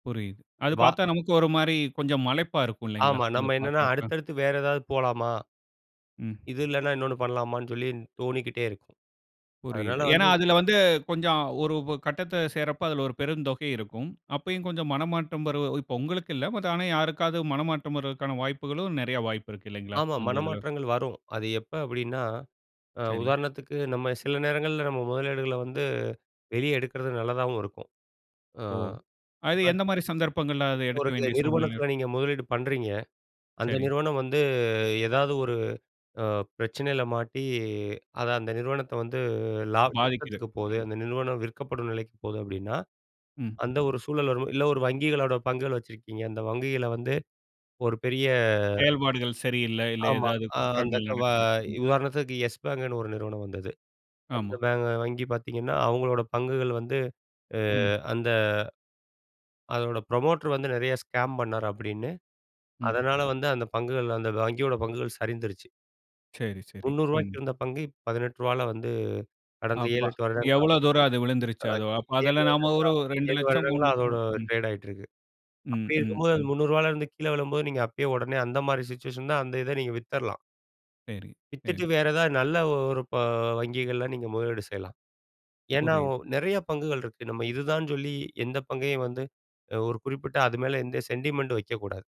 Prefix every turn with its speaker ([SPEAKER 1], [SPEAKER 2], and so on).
[SPEAKER 1] புரியுது. அது
[SPEAKER 2] வா
[SPEAKER 1] பார்த்தா நமக்கு ஒரு மாரி, கொஞ்சம் மலைப்பா இருக்கும் இல்லங்களா?
[SPEAKER 2] ஆமா,
[SPEAKER 1] அத
[SPEAKER 2] நம்ம என்னன்னா
[SPEAKER 1] பார்க்கிறப்ப.
[SPEAKER 2] அடுத்து, அடுத்து வேற ஏதாது போலாமா?
[SPEAKER 1] ம்.
[SPEAKER 2] இது இல்லன்னா இன்னொன்னு பண்ணலாமான்னு சொல்லி, தோணிக்கிட்டே இருக்கும். அதனாத
[SPEAKER 1] புரியுது. ஏன்னா
[SPEAKER 2] வந்து
[SPEAKER 1] அதில வந்து கொஞ்சம், ஒரு உ கட்டத்த சேர்றப்ப அதில ஒரு பெருந்தொகை இருக்கும். அப்பயும் கொஞ்சம் மனமாத்தம் வருவ உங்களுக்கு இல்ல. மத்த ஆனா யாருக்காவது மனமாற்றம் வருவதுக்கான வாய்ப்புகளும் நெறைய வாய்ப்பு இருக்கு இல்லங்களா?
[SPEAKER 2] ஆமா,
[SPEAKER 1] அந்த இதுல.
[SPEAKER 2] மனமாற்றங்கள் வரும். அது எப்ப அப்டின்னா, அ
[SPEAKER 1] சரி.
[SPEAKER 2] உதாரணத்துக்கு நம்ம சில நேரங்கள்ல நம்ம முதலீடுகள வந்து வெளியே எடுக்கிறது நல்லதாவும் இருக்கும். அ,
[SPEAKER 1] ஓ! அது
[SPEAKER 2] இப்ப
[SPEAKER 1] எந்த மாரி சந்தர்ப்பங்கள்ல அத
[SPEAKER 2] இப்ப
[SPEAKER 1] எடுக்க
[SPEAKER 2] ஒரு சில
[SPEAKER 1] வேண்டிய சூழ்நிலை இரு?
[SPEAKER 2] நிறுவனத்தில நீங்க முதலீடு பண்றீங்க. அந்த
[SPEAKER 1] சரி.
[SPEAKER 2] நிறுவனம் வந்து ஏதாது ஒரு, அ பிரச்சனையில மாட்டி, அத அந்த நிறுவனத்தை வந்து லாப
[SPEAKER 1] மாறிக்கிது.
[SPEAKER 2] நஷ்டத்துக்கு போகுது
[SPEAKER 1] ம்.
[SPEAKER 2] அந்த நிறுவனம் விற்கப்படும் நிலைக்கு போது அப்படின்னா,
[SPEAKER 1] ம்.
[SPEAKER 2] அந்த ஒரு சூழல் வரும் இல்ல ஒரு வங்கிகளோடய பங்குகள் வச்சிருக்கீங்க, அந்த வங்கிகள வந்து, ஒரு பெரிய
[SPEAKER 1] செயல்பாடுகள் சரியில்ல, இல்ல
[SPEAKER 2] ஆமா,
[SPEAKER 1] ஏதாது
[SPEAKER 2] அ, அந்த
[SPEAKER 1] குற்றங்கள்
[SPEAKER 2] க வ
[SPEAKER 1] நடக்குது. ம்.
[SPEAKER 2] உதாரணத்துக்கு யெஸ் பேங்க்ன்னு ஒரு நிறுவனம் வந்தது. அந்த
[SPEAKER 1] ஆமா.
[SPEAKER 2] பேங்க் வங்கி பார்த்தீங்கன்னா, அவங்களோட பங்குகள் வந்து, அ
[SPEAKER 1] ம்.
[SPEAKER 2] அந்த அதோட ப்ரமோட்டர் வந்து நிறையா ஸ்கேம் பண்ணாரு அப்டின்னு,
[SPEAKER 1] ம்.
[SPEAKER 2] அதனால வந்து அந்த பங்குகள் அந்த வங்கியோட பங்குகள் சரிந்துருச்சு.
[SPEAKER 1] சரி, சரி.
[SPEAKER 2] முன்னூறு
[SPEAKER 1] ம்.
[SPEAKER 2] ரூபாய்க்கு இருந்த பங்கு ரூ.18ல வந்து, கடந்த ஏழு,
[SPEAKER 1] அப்பா!
[SPEAKER 2] எட்டு வருடங்களா
[SPEAKER 1] எவ்வளவு தூரம் அது விழுந்துருச்சு, அது அப்
[SPEAKER 2] வங்கி 7
[SPEAKER 1] அதுல நாம
[SPEAKER 2] வருடங்களா
[SPEAKER 1] ஒரு ரெண்டு
[SPEAKER 2] 7
[SPEAKER 1] லட்சம், மூணு
[SPEAKER 2] வருடங்களா
[SPEAKER 1] லட்ச
[SPEAKER 2] அதோட
[SPEAKER 1] ரூவா ம்.
[SPEAKER 2] ட்ரேட் ஆயிட்ருக்கு.
[SPEAKER 1] ம்,
[SPEAKER 2] அப்டி
[SPEAKER 1] ம்,
[SPEAKER 2] இருக்கும்போது அந்த
[SPEAKER 1] ம்.
[SPEAKER 2] ரூ.300ல இருந்து கீழே விழும்போது நீங்க அப்பயே உடனே அந்த மாரி சிச்சுவேஷன் தான் அந்த இத நீங்க வித்துரலாம்.
[SPEAKER 1] சரி,
[SPEAKER 2] வித்துட்டு
[SPEAKER 1] சரி.
[SPEAKER 2] வேற ஏதாவது நல்ல ஒரு ப வங்கிகள்ல நீங்க முதலீடு செய்யலாம்! ஏன்னா ஓ
[SPEAKER 1] புரியுது.
[SPEAKER 2] நிறைய பங்குகள் இருக்கு. நம்ம இதுதான்ன்னு சொல்லி, எந்த பங்கையும் வந்து அ ஒரு குறிப்பிட்ட அது மேல, எந்த சென்டிமென்ட்டும் வெக்கக்கூடாது.